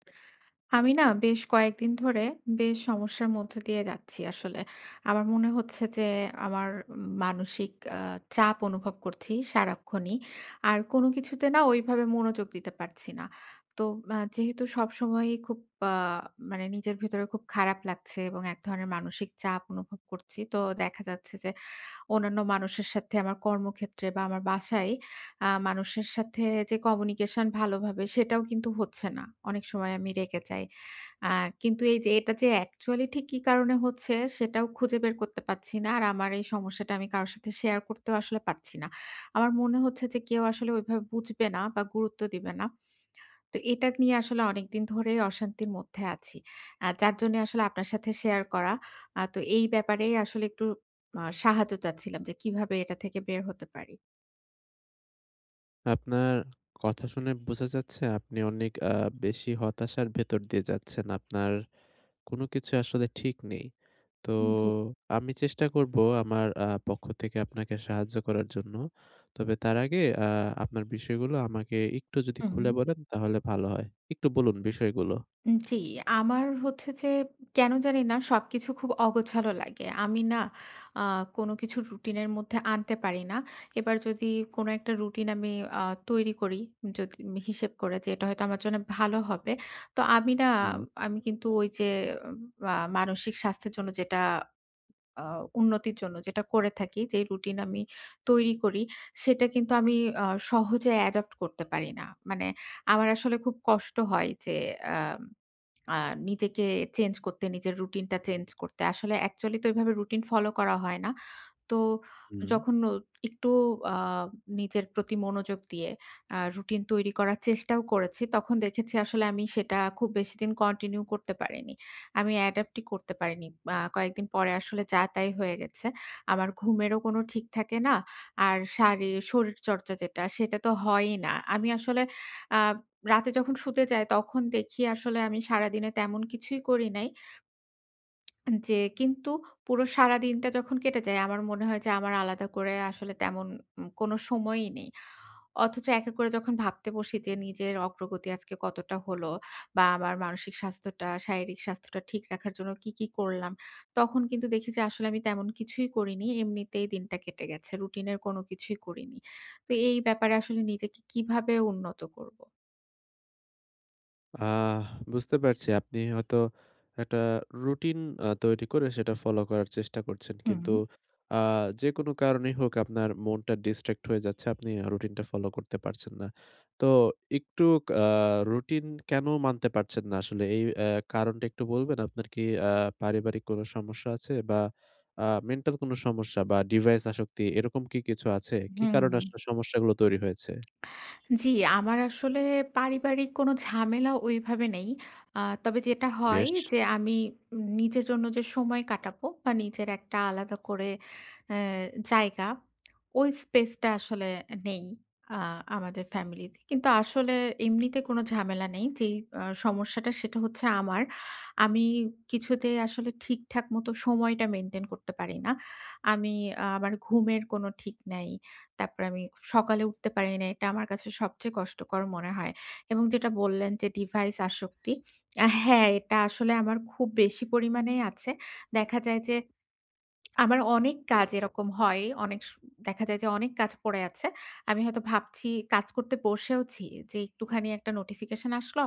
আমি না বেশ কয়েকদিন ধরে বেশ সমস্যার মধ্যে দিয়ে যাচ্ছি আসলে। আমার মনে হচ্ছে যে, আমার মানসিক আ চাপ অনুভব করছি সারাক্ষণই। আর কোন কিছুতে না ঐভাবে মনোযোগ দিতে পারছি না। তো আ যেহেতু সবসময়ই খুব আ মানে নিজের ভেতরে খুব খারাপ লাগছে এবং এক ধরনের মানসিক চাপ অনুভব করছি। তো দেখা যাচ্ছে যে অন্যান্য মানুষের সাথে আমার কর্মক্ষেত্রে বা, আমার বাসায় আ মানুষের সাথে যে কমিউনিকেশন ভালোভাবে সেটাও কিন্তু হচ্ছে না। অনেক সময় আমি রেগে যাই। আ কিন্তু এইযে এটা যে অ্যাকচুয়ালি ঠিক কি কারণে হচ্ছে, সেটাও খুঁজে বের করতে পারছি না। আর আমার এই সমস্যাটা আমি কারো সাথে শেয়ার করতেও আসলে পারছি না। আমার মনে হচ্ছে যে কেউ আসলে ওইভাবে বুঝবে না বা, গুরুত্ব দিবে না। তো এটা নিয়ে আসলে অনেকদিন ধরে অশান্তির মধ্যে আছি। আ যার জন্যে আসলে আপনার সাথে শেয়ার করা। আ তো এই ব্যাপারেই আসলে একটু আ সাহায্য চাচ্ছিলাম যে, কিভাবে এটা থেকে বের হতে পারি? আপনার কথা শুনে বোঝা যাচ্ছে আপনি অনেক আ বেশি হতাশার ভেতর দিয়ে যাচ্ছেন। আপনার কোন কিছু আসলে ঠিক নেই। তো জি। আমি চেষ্টা করবো আমার আ পক্ষ থেকে আপনাকে সাহায্য করার জন্য। তবে তার আগে আ আপনার বিষয়গুলো আমাকে একটু যদি হু, খুলে হু। বলেন, তাহলে ভালো হয়। একটু বলুন বিষয়গুলো। উম জি। আমার হচ্ছে যে কেন জানি না সবকিছু খুব অগোছালো লাগে। আমি না আ কোন কিছু রুটিনের মধ্যে আনতে পারি না। এবার যদি কোন একটা রুটিন আমি আ তৈরি করি যত হিসেব করে যে, এটা হয়তো আমার জন্য ভালো হবে। তো আমি না, হু। আমি কিন্তু ঐযে উম আ মানসিক স্বাস্থ্যের জন্য যেটা আ উন্নতির জন্য যেটা করে থাকি, যেই রুটিন আমি তৈরি করি, সেটা কিন্তু আমি আ সহজে অ্যাডপ্ট করতে পারি না। মানে আমার আসলে খুব কষ্ট হয় যে, আ আ নিজেকে চেঞ্জ করতে, নিজের রুটিনটা চেঞ্জ করতে। আসলে অ্যাকচুয়ালি তো এভাবে রুটিন ফলো করা হয় না। তো হু। যখন অ একটু আ নিজের প্রতি মনোযোগ দিয়ে আ রুটিন তৈরি করার চেষ্টাও করেছি। তখন দেখেছি আসলে আমি সেটা খুব বেশিদিন কন্টিনিউ করতে পারিনি। আমি অ্যাডাপ্টই করতে পারিনি। আ কয়েকদিন পরে আসলে যা, তাই হয়ে গেছে। আমার ঘুমেরও কোন ঠিক থাকে না। আর শারি শরীরচর্চা যেটা, সেটা তো হয়ই না। আমি আসলে আ রাতে যখন শুতে যাই, তখন দেখি আসলে আমি সারাদিনে তেমন কিছুই করি নাই। উন যে কিন্তু পুরো সারাদিনটা যখন কেটে যায়, আমার মনে হয় যে আমার আলাদা করে আসলে তেমন উ কোন সময়ই নেই। অথচ একা করে যখন ভাবতে বসি যে, নিজের অগ্রগতি আজকে কতটা হলো বা, আমার মানসিক স্বাস্থ্যটা, শারীরিক স্বাস্থ্যটা ঠিক রাখার জন্য কি, কি করলাম? তখন কিন্তু দেখি যে আসলে আমি তেমন কিছুই করিনি। এমনিতেই দিনটা কেটে গেছে। রুটিনের কোন কিছুই করিনি। তো এই ব্যাপারে আসলে নিজেকে কিভাবে উন্নত করবো? আহ বুঝতে পারছি আপনি হয়তো একটা রুটিন আ তৈরি করে সেটা ফলো করার চেষ্টা করছেন। হুম। কিন্তু আ যেকোনো কারণেই হোক আপনার মনটা ডিসট্রাক্ট হয়ে যাচ্ছে। আপনি আ রুটিনটা ফলো করতে পারছেন না। তো একটু কা রুটিন কেন মানতে পারছেন না, আসলে এই আ কারণটা একটু বলবেন? আপনার কি আ পারিবারিক কোন সমস্যা আছে? বা, আ মেন্টাল কোন সমস্যা বা, ডিভাইস আসক্তি, এরকম কি কিছু আছে? কি কারণে হুম। আসলে সমস্যাগুলো তৈরি হয়েছে? জি, আমার আসলে পারিবারিক কোন ঝামেলা ঐভাবে নেই। আ তবে যেটা হয় বেশ। যে আমি ই নিজের জন্য যে সময় কাটাবো বা, নিজের একটা আলাদা করে এ জায়গা ওই স্পেসটা আসলে নেই আ আমাদের ফ্যামিলিতে। কিন্তু আসলে এমনিতে কোন ঝামেলা নেই। যেই আ সমস্যাটা, সেটা হচ্ছে আমার। আমি কিছুতেই আসলে ঠিকঠাক মতো সময়টা মেইনটেইন করতে পারি না। আমি আমার ঘুমের কোন ঠিক নাই। তারপরে আমি সকালে উঠতে পারি না। এটা আমার কাছে সবচেয়ে কষ্টকর মনে হয়। এবং যেটা বললেন যে, "ডিভাইস আসক্তি।" হ্যাঁ, এটা আসলে আমার খুব বেশি পরিমাণেই আছে। দেখা যায় যে আমার অনেক কাজ এরকম হয়। অনেক স দেখা যায় যে অনেক কাজ পড়ে আছে। আমি হয়তো ভাবছি কাজ করতে বসেওছি, যে একটুখানি একটা নোটিফিকেশন আসলো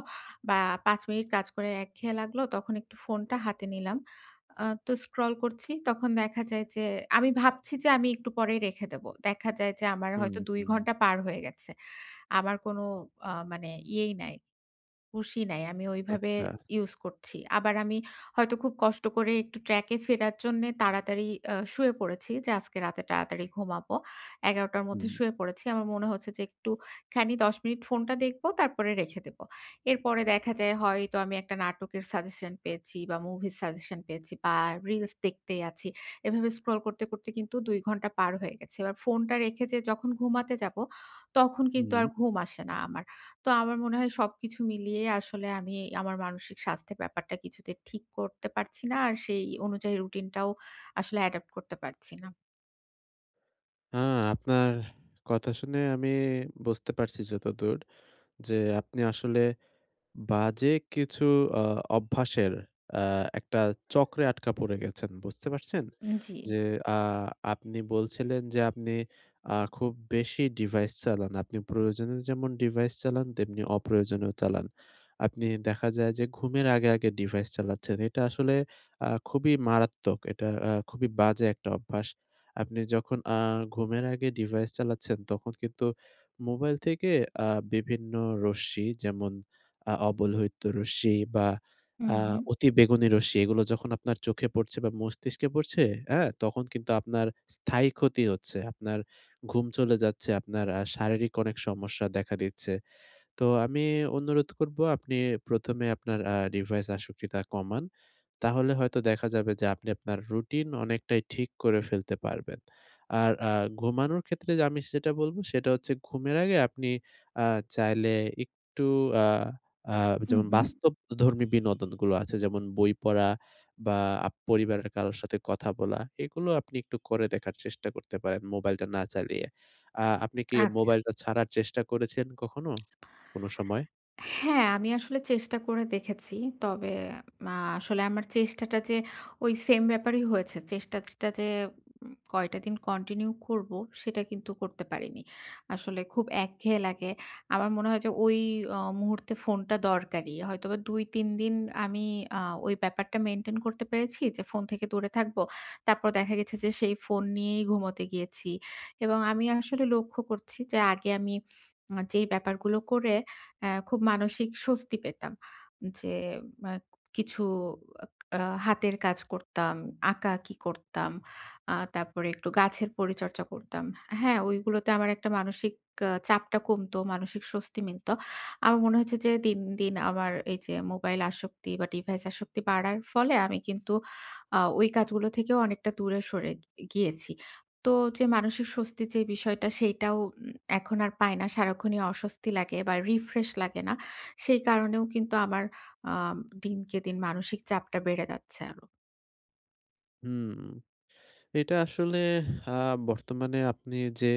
বা, ৫ মিনিট কাজ করে একঘেয়ে লাগলো, তখন একটু ফোনটা হাতে নিলাম। আ তো স্ক্রল করছি। তখন দেখা যায় যে আমি ভাবছি যে আমি একটু পরেই রেখে দেব। দেখা যায় যে আমার হুম, হয়তো ২ হুম। ঘন্টা পার হয়ে গেছে। আমার কোন আ মানে ইয়েই নাই। হুশই নাই। আমি ওইভাবে আচ্ছা। ইউজ করছি। আবার আমি হয়তো খুব কষ্ট করে একটু ট্র্যাকে ফেরার জন্যে তাড়াতাড়ি আ শুয়ে পড়েছি যে, "আজকে রাতে তাড়াতাড়ি ঘুমাবো।" ১১ টার মধ্যে হুম। শুয়ে পড়েছি। আমার মনে হচ্ছে যে একটুখানি ১০ মিনিট ফোনটা দেখব, তারপরে রেখে দেব। এরপরে দেখা যায় হয়তো আমি একটা নাটকের সাজেশন পেয়েছি বা, মুভির সাজেশন পেয়েছি বা, রিলস দেখতেই আছি। এভাবে স্ক্রল করতে, করতে কিন্তু ২ ঘণ্টা পার হয়ে গেছে। এবার ফোনটা রেখে যে যখন ঘুমাতে যাবো, তখন কিন্তু হুম। আর ঘুম আসে না আমার। তো আমার মনে হয় সবকিছু মিলিয়ে আসলে আমি আমার মানসিক স্বাস্থ্যের ব্যাপারটা কিছুতে ঠিক করতে পারছি না। আর সেই অনুযায়ী রুটিনটাও আসলে অ্যাডপ্ট করতে পারছি না। আ আপনার কথা শুনে আমি বুঝতে পারছি যতদূর যে, আপনি আসলে বাজে কিছু আ অভ্যাসের আ একটা চক্রে আটকা পড়ে গেছেন। বুঝতে পারছেন? উম জ্বী। যে আ আপনি বলছিলেন যে আপনি আ খুব বেশি ডিভাইস চালান। আপনি প্রয়োজনে যেমন ডিভাইস চালান, তেমনি অপ্রয়োজনেও চালান। আপনি দেখা যায় যে ঘুমের আগে, আগে ডিভাইস চালাচ্ছেন। এটা আসলে আ খুবই মারাত্মক। এটা আ খুবই বাজে একটা অভ্যাস। আপনি যখন আ ঘুমের আগে ডিভাইস চালাচ্ছেন, তখন কিন্তু মোবাইল থেকে আ বিভিন্ন রশ্মি যেমন আ অবলহিত রশ্মি বা, হুম, আ হুম। অতি বেগুনি রশ্মি, এগুলো যখন আপনার চোখে পড়ছে বা, মস্তিষ্কে পড়ছে, আ? তখন কিন্তু আপনার স্থায়ী ক্ষতি হচ্ছে। আপনার ঘুম চলে যাচ্ছে, আপনার আ শারীরিক অনেক সমস্যা দেখা দিচ্ছে। তো আমি অনুরোধ করবো আপনি ১ম এ আপনার আ ডিভাইস আসক্তিটা কমান। তাহলে হয়তো দেখা যাবে যে আপনি আপনার রুটিন অনেকটাই ঠিক করে ফেলতে পারবেন। আর আ ঘুমানোর ক্ষেত্রে আমি সেটা বলবো, সেটা হচ্ছে ঘুমের আগে আপনি আ চাইলে একটু আ আ হুম, যেমন হুম। বাস্তবধর্মী বিনোদনগুলো আছে, যেমন বই পড়া বা, আপ পরিবারের কারোর সাথে কথা বলা, এগুলো আপনি একটু করে দেখার চেষ্টা করতে পারেন মোবাইলটা না চালিয়ে। আ আপনি কি আচ্ছা। মোবাইলটা ছাড়ার চেষ্টা করেছেন কখনো? কোন সময়? হ্যাঁ, আমি আসলে চেষ্টা করে দেখেছি। তবে আ আসলে আমার চেষ্টাটা যে ওই সেইম ব্যাপারই হয়েছে। চেষ্টাটা যে উ কয়টা দিন কন্টিনিউ করবো, সেটা কিন্তু করতে পারিনি। আসলে খুব একঘেয়ে লাগে। আমার মনে হয় যে ওই আ মুহূর্তে ফোনটা দরকারি। হয়তোবা ২,৩ দিন আমি আ ওই ব্যাপারটা মেইনটেইন করতে পেরেছি যে ফোন থেকে দূরে থাকব। তারপর দেখা গেছে যে সেই ফোন নিয়েই ঘুমুতে গিয়েছি। এবং আমি আসলে লক্ষ্য করছি যে আগে আমি আ যেই ব্যাপারগুলো করে অ্যা খুব মানসিক স্বস্তি পেতাম। যে মা কিছু আ হাতের কাজ করতাম, আঁকাআঁকি করতাম। আ তারপরে একটু গাছের পরিচর্চা করতাম। হ্যাঁ? ওইগুলোতে আমার একটা মানসিক আ চাপটা কমতো, মানসিক স্বস্তি মিলত। আমার মনে হয়েছে যে দিন, দিন আমার এইযে মোবাইল আসক্তি বা, ডিভাইস আসক্তি বাড়ার ফলে আমি কিন্তু আ ওই কাজগুলো থেকেও অনেকটা দূরে সরে গি গিয়েছি। তো যে মানসিক স্বস্তির যে বিষয়টা, সেইটাও উ এখন আর পাই না। সারাক্ষণই অস্বস্তি লাগে বা, রিফ্রেশ লাগে না। সেই কারণেও কিন্তু আমার আ দিনকে দিন মানসিক চাপটা বেড়ে যাচ্ছে আরো। হুম। এটা আসলে আ বর্তমানে আপনি যে,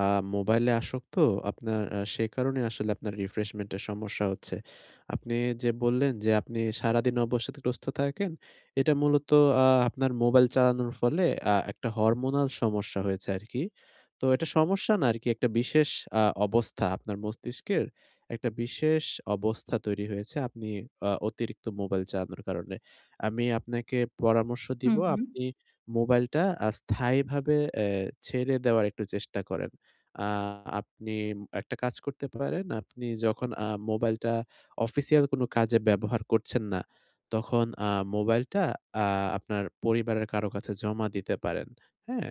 আ মোবাইলে আসক্ত আপনার আ সেই কারণে আসলে আপনার refreshment এর সমস্যা হচ্ছে। আপনি যে, বললেন যে, আপনি সারাদিন অবসাদগ্রস্ত থাকেন, এটা মূলত আ আপনার মোবাইল চালানোর ফলে আ একটা hormonal সমস্যা হয়েছে আরকি। তো এটা সমস্যা না আরকি একটা বিশেষ আ অবস্থা আপনার মস্তিষ্কের একটা বিশেষ অবস্থা তৈরি হয়েছে। আপনি আ অতিরিক্ত মোবাইল চালানোর কারণে। আমি আপনাকে পরামর্শ হুম, দিবো হুম। আপনি মোবাইলটা আ স্থায়ীভাবে এ ছেড়ে দেওয়ার একটু চেষ্টা করেন। আ আপনি একটা কাজ করতে পারেন। আপনি যখন আ মোবাইলটা official কোনো কাজে ব্যবহার করছেন না তখন আ মোবাইলটা আ আপনার পরিবারের কারো কাছে জমা দিতে পারেন। হ্যাঁ?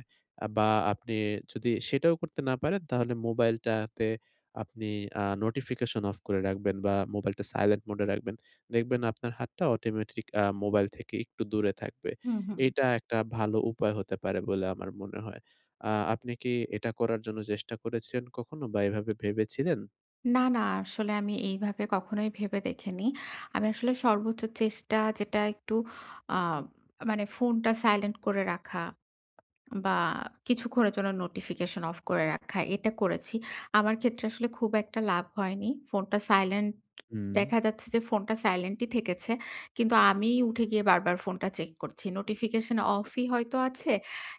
বা আপনি যদি সেটাও করতে না পারেন তাহলে মোবাইলটাতে আপনি আ notification off করে রাখবেন বা মোবাইলটা silent mode এ রাখবেন। দেখবেন আপনার হাতটা automatic আ মোবাইল থেকে একটু দূরে থাকবে। হুম, হুম। এটা একটা ভালো উপায় হতে পারে বলে আমার মনে হয়। আ আপনি কি এটা করার জন্য চেষ্টা করেছিলেন কখনো বা এভাবে ভেবেছিলেন? না, না, আসলে আমি এইভাবে কখনোই ভেবে দেখিনি। আমি আসলে সর্বোচ্চ চেষ্টা যেটা একটু আ মানে ফোনটা silent করে রাখা, বা কিছুক্ষণের জন্য notification off করে রাখা এটা করেছি। আমার ক্ষেত্রে আসলে খুব একটা লাভ হয়নি। ফোনটা silent হুম। দেখা যাচ্ছে যে, ফোনটা silent ই থেকেছে। কিন্তু আমি উঠে গিয়ে বারবার ফোনটা check করছি। notification off ই হয়তো আছে,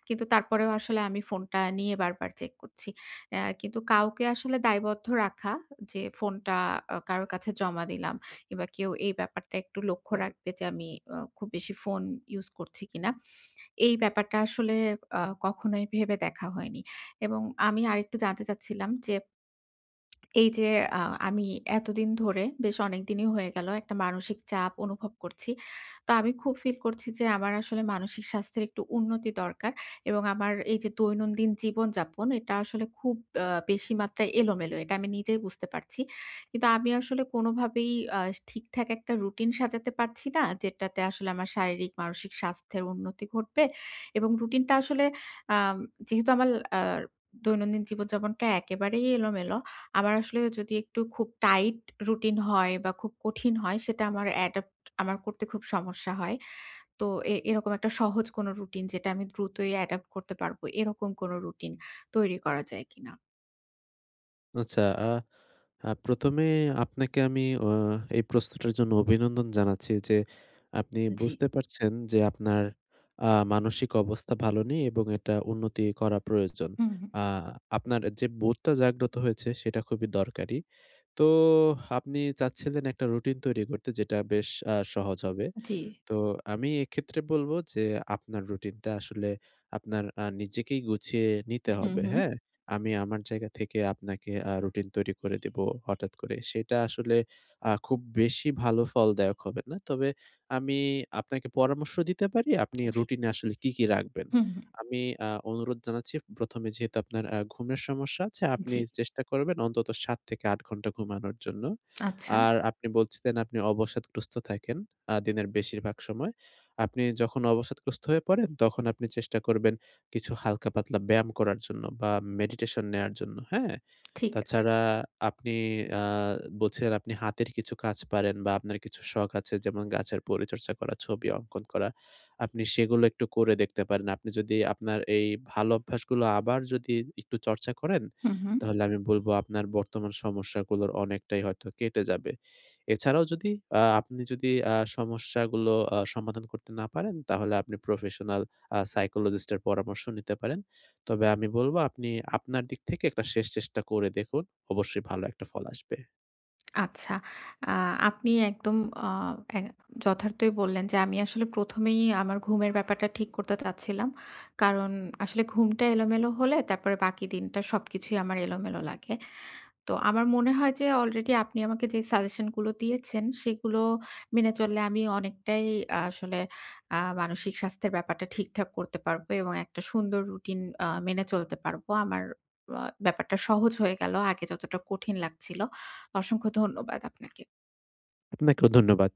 কিন্তু তারপরেও আসলে আমি ফোনটা নিয়ে বারবার চেক করছি। আ কিন্তু কাউকে আসলে দায়বদ্ধ রাখা যে, ফোনটা আ কারোর কাছে জমা দিলাম, কিংবা কেউ এই ব্যাপারটা একটু লক্ষ্য রাখবে যে, আমি আ খুব বেশি ফোন use করছি কিনা এই ব্যাপারটা আসলে আ কখনোই ভেবে দেখা হয়নি এবং আমি আরেকটু জানতে চাচ্ছিলাম যে, এই যে, আহ, আমি এতদিন ধরে বেশ অনেকদিনই হয়ে গেল একটা মানসিক চাপ অনুভব করছি। তো আমি খুব feel করছি যে, আমার আসলে মানসিক স্বাস্থ্যের একটু উন্নতি দরকার এবং আমার এই যে, দৈনন্দিন জীবনযাপন, এটা আসলে খুব আ বেশি মাত্রায় এলোমেলো এটা আমি নিজেই বুঝতে পারছি। কিন্তু আমি আসলে কোনভাবেই আ ঠিকঠাক একটা routine সাজাতে পারছি না, যেটাতে আসলে আমার শারীরিক-মানসিক স্বাস্থ্যের উন্নতি ঘটবে এবং routine টা আসলে আ যেহেতু আমার আ দৈনন্দিন জীবনযাপনটা একেবারেই এলোমেলো, আমার আসলে যদি একটু খুব tight routine হয় বা খুব কঠিন হয়, সেটা আমার adopt আমার করতে খুব সমস্যা হয়। তো এ এরকম একটা সহজ কোন routine, যেটা আমি দ্রুতই adopt করতে পারব এরকম কোন routine তৈরি করা যায় কিনা? আচ্ছা অ্যা আ ১ম এ আপনাকে আমি আ এই প্রশ্নটার জন্য অভিনন্দন জানাচ্ছি যে, আপনি জ্বি। বুঝতে পারছেন যে, আপনার আ মানসিক অবস্থা ভালো নেই এবং এটা উন্নতি করা প্রয়োজন। হুম, হুম। আ আপনার যে, বোধটা জাগ্রত হয়েছে সেটা খুবই দরকারি। তো আপনি চাচ্ছিলেন একটা routine তৈরি করতে যেটা বেশ আ সহজ হবে। জ্বী। তো আমি এক্ষেত্রে বলব যে, আপনার routine টা আসলে আপনার আ নিজেকেই গুছিয়ে নিতে হুম, হবে। হুম। হ্যাঁ? আমি আমার জায়গা থেকে আপনাকে আ routine তৈরি করে দিবো হঠাৎ করে। সেটা আসলে আ খুব বেশি ভালো ফলদায়ক হবে না। তবে আমি আপনাকে পরামর্শ দিতে পারি, আপনি জ্বি। routine এ আসলে কী, কী রাখবেন। হুম, হুম। আমি আ অনুরোধ জানাচ্ছি ১ম এ যেহেতু আপনার আ ঘুমের সমস্যা আছে আপনি জ্বি। চেষ্টা করবেন অন্তত ৭ থেকে ৮ ঘন্টা ঘুমানোর জন্য। আচ্ছা। আর আপনি বলছিলেন আপনি অবসাদগ্রস্ত থাকেন আ দিনের বেশিরভাগ সময়। আপনি যখন অবসাদগ্রস্ত হয়ে পড়েন তখন আপনি চেষ্টা করবেন কিছু হালকা-পাতলা ব্যায়াম করার জন্য বা meditation নেয়ার জন্য। হ্যাঁ? ঠিক আছে। তাছাড়া আপনি আ বলছেন আপনি হাতের কিছু কাজ পারেন বা আপনার কিছু শখ আছে যেমন গাছের পরিচর্চা করা, ছবি অঙ্কন করা, আপনি সেগুলো একটু করে দেখতে পারেন। আপনি যদি আপনার এই ভালো অভ্যাসগুলো আবার যদি একটু চর্চা করেন হুম, হুম। তাহলে আমি বলব আপনার বর্তমান সমস্যাগুলোর অনেকটাই হয়তো কেটে যাবে। এছাড়াও যদি অ্যা আপনি যদি আ সমস্যাগুলো আ সমাধান করতে না পারেন, তাহলে আপনি professional অ্যা psychologist এর পরামর্শ নিতে পারেন। তবে আমি বলব আপনি আপনার দিক থেকে একটা শেষ চেষ্টা করে দেখুন। অবশ্যই ভালো একটা ফল আসবে। আচ্ছা। আ আপনি একদম আ এ যথার্থই বললেন যে, আমি আসলে ১ম এই আমার ঘুমের ব্যাপারটা ঠিক করতে চাচ্ছিলাম কারণ আসলে ঘুমটা এলোমেলো হলে তারপরে বাকি দিনটা সবকিছুই আমার এলোমেলো লাগে। তো আমার মনে হয় যে, already আপনি আমাকে যে, suggestion গুলো দিয়েছেন সেগুলো মেনে চললে আমি অনেকটাই আসলে আ মানসিক স্বাস্থ্যের ব্যাপারটা ঠিকঠাক করতে পারবো এবং একটা সুন্দর routine আ মেনে চলতে পারব। আমার ব ব্যাপারটা সহজ হয়ে গেল। আগে যতটা কঠিন লাগছিল। অসংখ্য ধন্যবাদ আপনাকে। আপনাকেও ধন্যবাদ।